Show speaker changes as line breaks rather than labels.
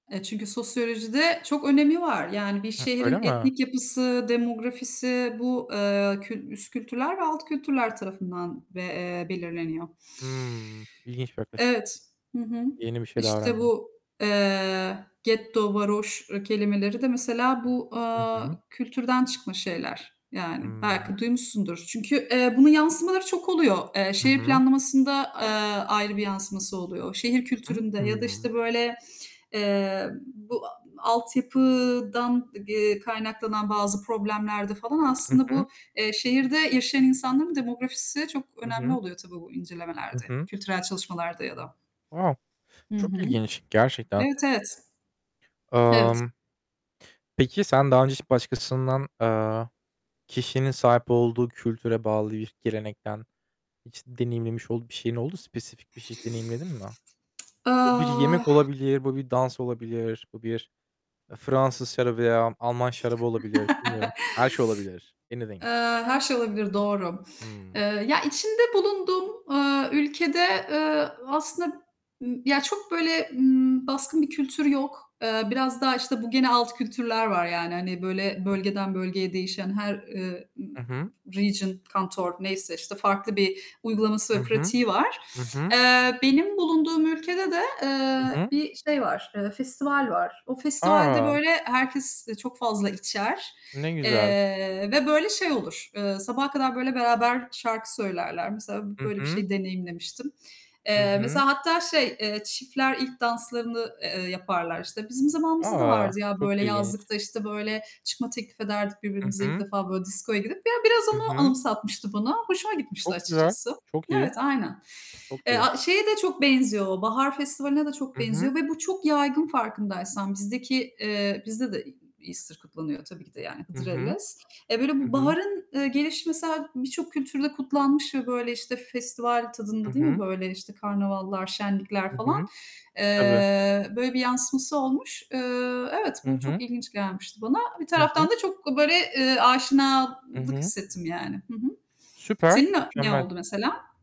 E, çünkü sosyolojide çok önemi var. Yani bir
He, öyle
şehrin
mi?
etnik yapısı, demografisi bu, eee, kül üst kültürler ve alt kültürler tarafından ve, eee, belirleniyor.
Hımm, ilginç bir yaklaşım.
Evet. Hı hı.
Yeni bir şey daha
İşte
öğrendim.
bu, eee, getto, varoş ı kelimeleri de mesela bu,
Hı
eee,
hı.
kültürden çıkma şeyler yani.
Hımm.
Belki duymuşsundur. Çünkü, eee, bunun yansımaları çok oluyor. Eee,
Hı
şehir
hı.
planlamasında, eee, ayrı bir yansıması oluyor. Şehir kültüründe ya da,
Hımm.
işte, böyle, eee, bu a altyapıdan, eee, kaynaklanan bazı problemlerde falan
Hı
aslında
hı.
bu, eee, şehirde yaşayan insanların demografisi çok
Hı
önemli
hı.
oluyor tabii bu
Hı
incelemelerde,
hı.
kültürel çalışmalarda ya da.
A,
Hı
çok
hı.
ilginç gerçekten.
Evet, evet. Evet.
Imm Peki sen daha önce hiç başkasından, eee, kişinin sahip olduğu kültüre bağlı bir gelenekten, hiç deneyimlemiş olduğu bir şeyin oldu, spesifik bir şeyi deneyimledin mi? Bu bir
Ah
yemek olabilir. Bu bir dans olabilir. Bu bir, eee, Fransız şarabı veya Alman şarabı olabilir. Bilmiyorum, her şey olabilir. Anything.
Eee, her şey olabilir, doğru.
Hımm.
Eee, ya içinde bulunduğum, eee, ülkede, eee, aslında ı ya çok, böyle, ımm, baskın bir kültür yok. Eee, biraz daha, işte, bu gene alt kültürler var yani, hani, böyle, bölgeden bölgeye değişen, her, eee, ı
Hı hı.
region, kanton neyse işte farklı bir uygulaması
Hı
ve
hı.
pratiği var.
Hı hı.
Eee, benim bulunduğum ülkede de,
Hı
eee,
hı.
bir şey var, eee, festival var. O festivalde
A!
böyle herkes çok fazla içer,
Ne güzel.
eee, ve böyle şey olur, eee, sabaha kadar böyle beraber şarkı söylerler. Mesela
Hı
böyle bir
hı.
şeyi deneyimlemiştim.
Hı
Eee,
hı.
mesela hatta şey, eee, çiftler ilk danslarını, eee, yaparlar. İşte bizim zamanımızda da
A,
vardı ya
çok
böyle
ilginç.
yazlıkta, işte, böyle, çıkma teklifi ederdik
Hı
birbirimize ilk
hı.
defa, böyle, diskoya gidip. Ya biraz
Hı
onu
hı.
anımsatmıştı bana. Hoşuma gitmişti
Çok güzel.
açıkçası.
Çok iyi.
Evet, aynen.
Çok
Eee,
iyi.
şeye de çok benziyor, Bahar Festivali'ne de çok
Hı hı.
benziyor ve bu çok yaygın farkındaysan. Bizdeki, eee, bizde de Easter kutlanıyor tabii ki de yani
Hı hı.
Hıdırellez. Eee, böyle
Hı hı.
baharın, eee, gelişi mesela birçok kültürde kutlanmış ve, böyle, işte, festival
Hı
tadında değil mi,
hı.
böyle, işte, karnavallar, şenlikler
Hı
falan,
hı. Tabii.
eee, böyle bir yansıması olmuş. Eee, evet,
Hı
bu
hı.
çok ilginç gelmişti bana. Bir
Hı hı.
taraftan da çok böyle, eee,
Hı
aşinalık
hı.
hissettim yani. Hı hı.
Süper,
Senin, ne ne
mükemmel.
oldu mesela?